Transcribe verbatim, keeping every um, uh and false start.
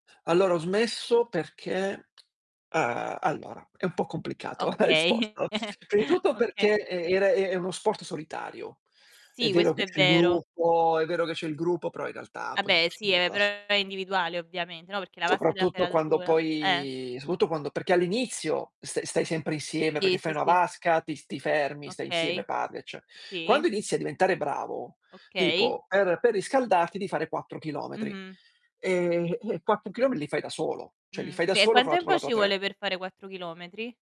Allora, ho smesso perché uhm, allora, è un po' complicato la Okay. risposto. Prima i tutto Oka peché, e ere è è uno sport solitario. È Sì, vero che questo è c'è il vero. gruppo è vero che c'è il gruppo, però in realtà Ah, poi beh, si sì, gioca ehm, da però so è individuale ovviamente, no, perché la vasca te la fai Soprattutto la da quando sola. Eh. poi soprautto quando perché all'inizio st stai sempre insieme, Sì, peché fai sì, una sì. vasca, ti s ti fermi, stai insieme, Okay. parli, ecce Sì. Quando inizi a diventare bravo, Okay. tipo per per riscaldarti devi fare quattro chilometri, Mh-mh. ehm, e quattro chilome li fai da solo, cioè, li Mh. fai da E solo quan con la tu tempo con ci tua te vuole per fare quattro chilometri?